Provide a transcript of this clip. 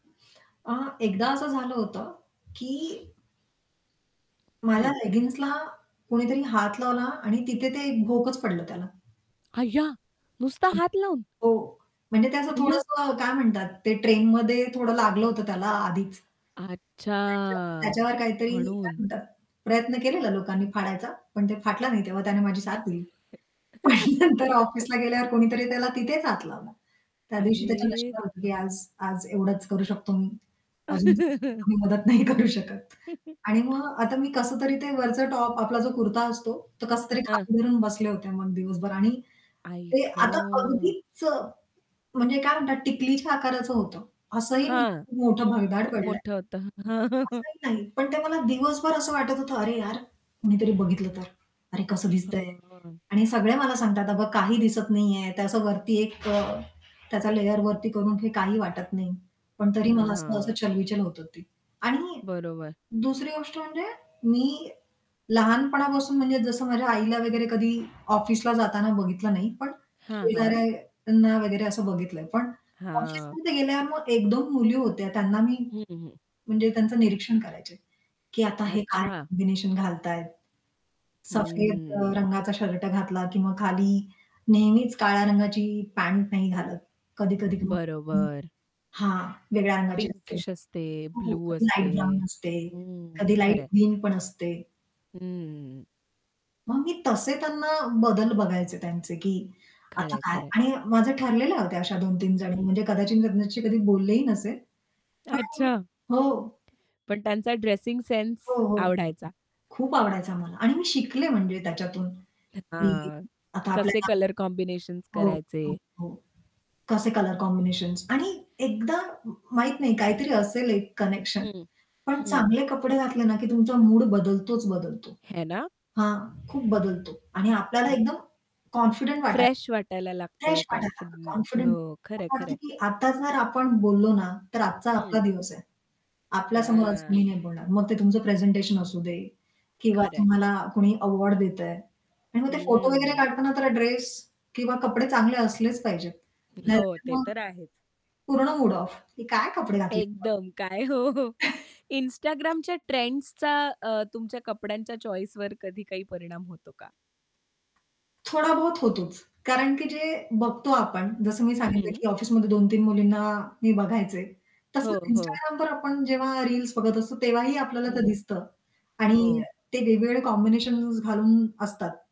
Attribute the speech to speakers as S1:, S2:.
S1: अ, एकदा असं झालं होतं की माझ्या
S2: हं.
S1: लेगिंग्जला कुणीतरी हात लावला आणि तिथे ते एक भोकच पडलं त्याला.
S2: अय्या! नुसता
S1: हं,
S2: हात लावून.
S1: हो. म्हणजे ते असं
S2: अय्या!
S1: थोडंसं काय म्हणतात, ते ट्रेनमध्ये थोडं लागलं होतं त्याला आधीच
S2: अच्छा
S1: त्याच्या त्याच्यावर काहीतरी काय
S2: म्हणून.
S1: म्हणतात, प्रयत्न केलेला लोकांनी फाडायचा, पण ते फाटलं नाही तेव्हा, त्याने माझी साथ दिली. पण नंतर ऑफिसला गेल्यावर कुणीतरी त्याला तिथेच हात लावला. त्या दिवशी त्याच्या
S2: अरे
S1: नशिबात होतं की
S2: देवा!
S1: आज-आज एवढंच करू शकतो मी. अजून आम्ही मदत नाही करू शकत. आणि मग आता मी कसंतरी ते वरचं टॉप आपला जो कुर्ता असतो, तो
S2: अ,
S1: कसंतरी
S2: हां.
S1: खाली धरून बसले होते मग दिवसभर आणि
S2: आई
S1: ते आता
S2: ग!
S1: अगदीच म्हणजे काय म्हणतात टिकलीच्या आकाराचं होतं. असंही
S2: हां,
S1: मोठं [unintelligible] भगदाड
S2: खूप
S1: पडलंय
S2: मोठं होतं.
S1: असंही नाही. पण ते मला दिवसभर असं वाटत होतं, "अरे यार, कोणीतरी बघितलं तर? अरे, कसं दिसतंय?"
S2: हं, हं.
S1: आणि सगळे मला सांगतात अगं काही दिसत नाहीये. त्याचं वरती एक अ, त्याचा लेयर वरती करून घे, काही वाटत नाही. पण तरी
S2: हां,
S1: मला असं-असं
S2: हां.
S1: चल-बिचल होतं होती. आणि
S2: बरोबर.
S1: दुसरी गोष्ट म्हणजे मी लहानपणापासून म्हणजे जसं माझ्या आईला वगैरे कधी ऑफिसला जाताना बघितलं नाही. पण
S2: हां, हां.
S1: शेजाऱ्यांना वगैरे असं बघितलंय. पण
S2: हां.
S1: ऑफिसमध्ये गेल्यावर मग 1-2 मुली होत्या. त्यांना मी,
S2: हं, हं.
S1: म्हणजे त्यांचं निरीक्षण करायचंय. की आता हे काय
S2: अच्छा.
S1: कॉम्बिनेशन घालतायेत? सफेद अ,
S2: हम्म.
S1: रंगाचा शर्ट घातला किंवा खाली नेहमीच काळ्या रंगाची पँट नाही घालत. कधी-कधी [unintelligible]
S2: बरोबर.
S1: हां, वेगळ्या रंगाची असते.
S2: पिंकिश असते,
S1: हो, हो
S2: ब्लू
S1: कधी
S2: असते
S1: लाईट ब्राउन असते,
S2: हं,
S1: कधी लाईट
S2: खरंय.
S1: ग्रीन पण असते.
S2: हं.
S1: मग मी तसे त्यांना बदल बघायचे त्यांचे की आता
S2: खरंय,
S1: काय
S2: खरंय.
S1: आणि माझं ठरलेले होते अशा 2-3 जणी
S2: हं.
S1: म्हणजे कदाचित त्यांच्याशी कधी बोललेही नसेन. पण
S2: अच्छा.
S1: [unintelligible] हो.
S2: पण त्यांचा ड्रेसिंग सेन्स
S1: हो, हो.
S2: आवडायचा.
S1: खूप आवडायचा मला. आणि मी शिकले म्हणजे त्याच्यातून
S2: अ,
S1: की
S2: हां.
S1: आता
S2: कसे
S1: आपल्याला
S2: कलर कॉम्बिनेशन्स
S1: हो, हो,
S2: करायचे?
S1: हो. कसे कलर कॉम्बिनेशन्स आणि एकदा माहीत नाही, काहीतरी असेल एक कनेक्शन.
S2: हं,
S1: पण
S2: हं.
S1: चांगले कपडे घातले ना की तुमचा मूड बदलतोच बदलतो.
S2: है ना?
S1: हां, खूप बदलतो आणि आपल्याला
S2: हो.
S1: एकदम कॉन्फिडंट वाटायचं.
S2: फ्रेश वाटायला लागतं
S1: फ्रेश वाटायला लागतं
S2: कॉन्फिडंट
S1: कॉन्फिडंट
S2: हो. खरंय,
S1: असं वाटतं
S2: खरंय.
S1: की आता जर आपण बोललो ना, तर आजचा आपला
S2: हं.
S1: दिवस आहे. आपल्या समोर
S2: हां.
S1: कोणी नाही बोलणार. मग ते तुमचं प्रेझेंटेशन असू दे किंवा
S2: खरंय.
S1: तुम्हाला कोणी अवॉर्ड देतंय. आणि मग ते फोटो वगैरे
S2: हम्म.
S1: काढताना त्याला ड्रेस किंवा कपडे चांगले असलेच पाहिजेत.
S2: हो,
S1: नाहीतर
S2: ते
S1: मग
S2: तर आहेच.
S1: पूर्ण मूड ऑफ हे काय कपडे घातलेत?
S2: एकदम, काय हो, हो Instagramच्या ट्रेंड्सचा अ, तुमच्या कपड्यांच्या चॉईसवर कधी काही परिणाम होतो का?
S1: थोडाबहुत होतोच. कारण की जे बघतो आपण जसं मी सांगितलं
S2: हं.
S1: की ऑफिसमध्ये 2-3 मुलींना मी बघायचे.
S2: हो,
S1: तसंच
S2: हो.
S1: instagramवर आपण जेव्हा रील्स बघत असतो, तेव्हाही आपल्याला ते
S2: हं.
S1: दिसतं, आणि
S2: हो.
S1: ते वेगवेगळे कॉम्बिनेशन्स घालून असतात.